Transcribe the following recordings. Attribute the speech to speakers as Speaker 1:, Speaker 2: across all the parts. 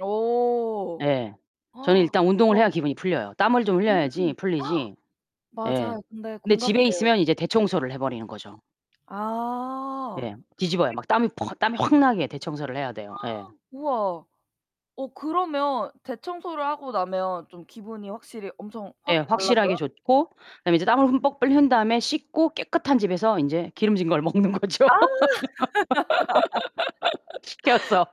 Speaker 1: 오.
Speaker 2: 예. 저는 일단 운동을 해야
Speaker 1: [unintelligible]
Speaker 2: 기분이 풀려요. 땀을 좀
Speaker 1: 음.
Speaker 2: 흘려야지 풀리지 예.
Speaker 1: 맞아요 근데
Speaker 2: 근데 집에
Speaker 1: 공감돼요.
Speaker 2: 있으면 이제 대청소를 해 버리는 거죠.
Speaker 1: 아.
Speaker 2: 예. 뒤집어요.
Speaker 1: [unintelligible]
Speaker 2: 막 땀이 퍽 땀이 확 나게 대청소를 해야 돼요. 예.
Speaker 1: 우와. 어 그러면 대청소를 하고 나면 좀 기분이 확실히 엄청
Speaker 2: 네.
Speaker 1: 확
Speaker 2: 확실하게
Speaker 1: 달라져요?
Speaker 2: 좋고 그 다음에 이제 땀을 흠뻑 흘린 다음에 씻고 깨끗한 집에서 인제 기름진 걸 먹는 거죠.
Speaker 1: 아.
Speaker 2: 시켜서.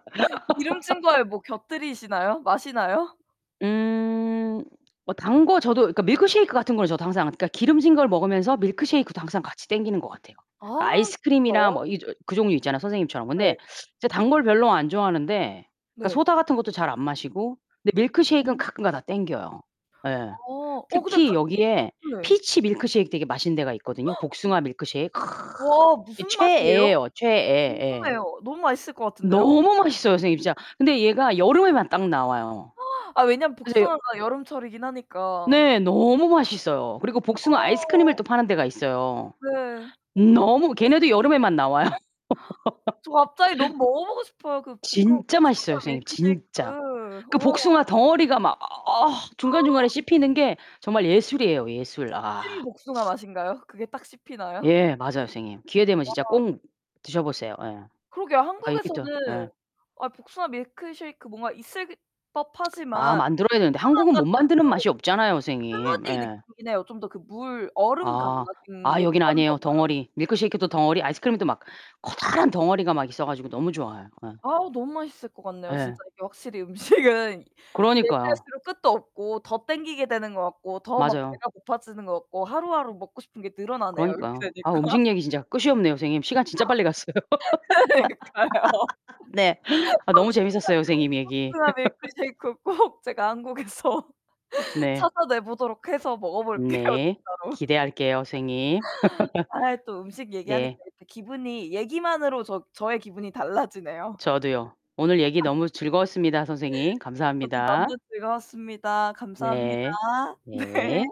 Speaker 1: 기름진 거에 뭐 곁들이시나요? 마시나요?
Speaker 2: 음. 뭐 단 거 저도 그니까 밀크셰이크 같은 거는 저도 항상 그니까 기름진 걸 먹으면서 밀크셰이크도 항상 같이 당기는 거 같아요. 그니까
Speaker 1: 아
Speaker 2: 아이스크림이나
Speaker 1: 진짜요?
Speaker 2: 뭐 이 저 그 종류 있잖아요 선생님처럼. 근데
Speaker 1: 네.
Speaker 2: 제가 단 걸 별로 안 좋아하는데 그니까
Speaker 1: 네.
Speaker 2: 소다 같은 것도 잘 안 마시고 근데 밀크셰이크는
Speaker 1: 어.
Speaker 2: 가끔가다가 당겨요. 예.
Speaker 1: 어. 어 근데
Speaker 2: 특히
Speaker 1: 가
Speaker 2: 여기에
Speaker 1: 네.
Speaker 2: 피치 밀크셰이크 되게 맛있는 데가 있거든요
Speaker 1: [unintelligible]
Speaker 2: 복숭아 밀크셰이크.
Speaker 1: 와
Speaker 2: 이
Speaker 1: 무슨 맛이에요?
Speaker 2: 최애예요 최애. 예.
Speaker 1: 궁금해요. 너무 맛있을 것 같은데요?
Speaker 2: 너무 맛있어요 선생님 진짜. 근데 얘가 여름에만 딱 나와요.
Speaker 1: 아 왜냐하면
Speaker 2: 그래서 여
Speaker 1: 복숭아가 여름철이긴 하니까.
Speaker 2: 네 너무 맛있어요. 그리고 복숭아 아이스크림을
Speaker 1: 어.
Speaker 2: 또 파는 데가 있어요.
Speaker 1: 네.
Speaker 2: 너무 걔네도 여름에만 나와요.
Speaker 1: 저 갑자기 너무 먹어보고 싶어요. 그 복그
Speaker 2: 진짜 맛있어요
Speaker 1: 복숭아
Speaker 2: 선생님 진짜.
Speaker 1: 밀크쉐이크.
Speaker 2: 그
Speaker 1: 우와.
Speaker 2: 복숭아 덩어리가 막 어 중간중간에 씹히는 게 정말 예술이에요 예술. 아.
Speaker 1: 찐 복숭아 맛인가요? 그게 딱 씹히나요?
Speaker 2: 예 맞아요 선생님. 기회 되면 진짜
Speaker 1: 와.
Speaker 2: 꼭 드셔보세요. 예.
Speaker 1: 그러게요.
Speaker 2: 아 있겠죠. 예.
Speaker 1: 한국에서는 아 복숭아 밀크셰이크 뭔가 있을
Speaker 2: 아
Speaker 1: 법하지만
Speaker 2: 만들어야 되는데
Speaker 1: 복숭아가
Speaker 2: 한국은 못
Speaker 1: 쪼끔
Speaker 2: 만드는 맛이 없잖아요 선생님.
Speaker 1: 스무디
Speaker 2: 예.
Speaker 1: 느낌이긴 해요. 좀 더 그 물 얼음
Speaker 2: 아.
Speaker 1: 감아진
Speaker 2: 아
Speaker 1: 게 좀
Speaker 2: 여기는
Speaker 1: 많은 것
Speaker 2: 아니에요.
Speaker 1: 같아요.
Speaker 2: 덩어리. 밀크셰이크도 덩어리. 아이스크림도 막 커다란 덩어리가 막 있어 가지고 너무 좋아요. 예.
Speaker 1: 아우 너무 맛있을 것 같네요.
Speaker 2: 예.
Speaker 1: 진짜 이게 확실히 음식은
Speaker 2: 그러니까요.
Speaker 1: 얘기할수록 끝도 없고 더 당기게 되는 것 같고 더 막
Speaker 2: 맞아요.
Speaker 1: 배가 고파지는 것 같고 하루하루 먹고 싶은 게 늘어나네요. 이렇게
Speaker 2: 그러니까요. 아
Speaker 1: 되니까.
Speaker 2: 음식 얘기 진짜 끝이 없네요 선생님. 시간 진짜 빨리 갔어요.
Speaker 1: 그러니까요.
Speaker 2: 네. 아 너무
Speaker 1: 복숭아
Speaker 2: 재밌었어요 선생님 얘기.
Speaker 1: 복숭아 밀크쉐이크 꼭 제가 한국에서
Speaker 2: 네.
Speaker 1: 찾아내 보도록 해서 먹어볼게요
Speaker 2: 네.
Speaker 1: 진짜로.
Speaker 2: 기대할게요 선생님.
Speaker 1: 아이 또 음식 얘기하니까
Speaker 2: 네.
Speaker 1: 이렇게 기분이 얘기만으로 저 저의 기분이 달라지네요.
Speaker 2: 저도요. 오늘 얘기 너무 즐거웠습니다 선생님.
Speaker 1: 저도 너무
Speaker 2: 감사합니다.
Speaker 1: 즐거웠습니다. 감사합니다.
Speaker 2: 네. 네.
Speaker 1: 네.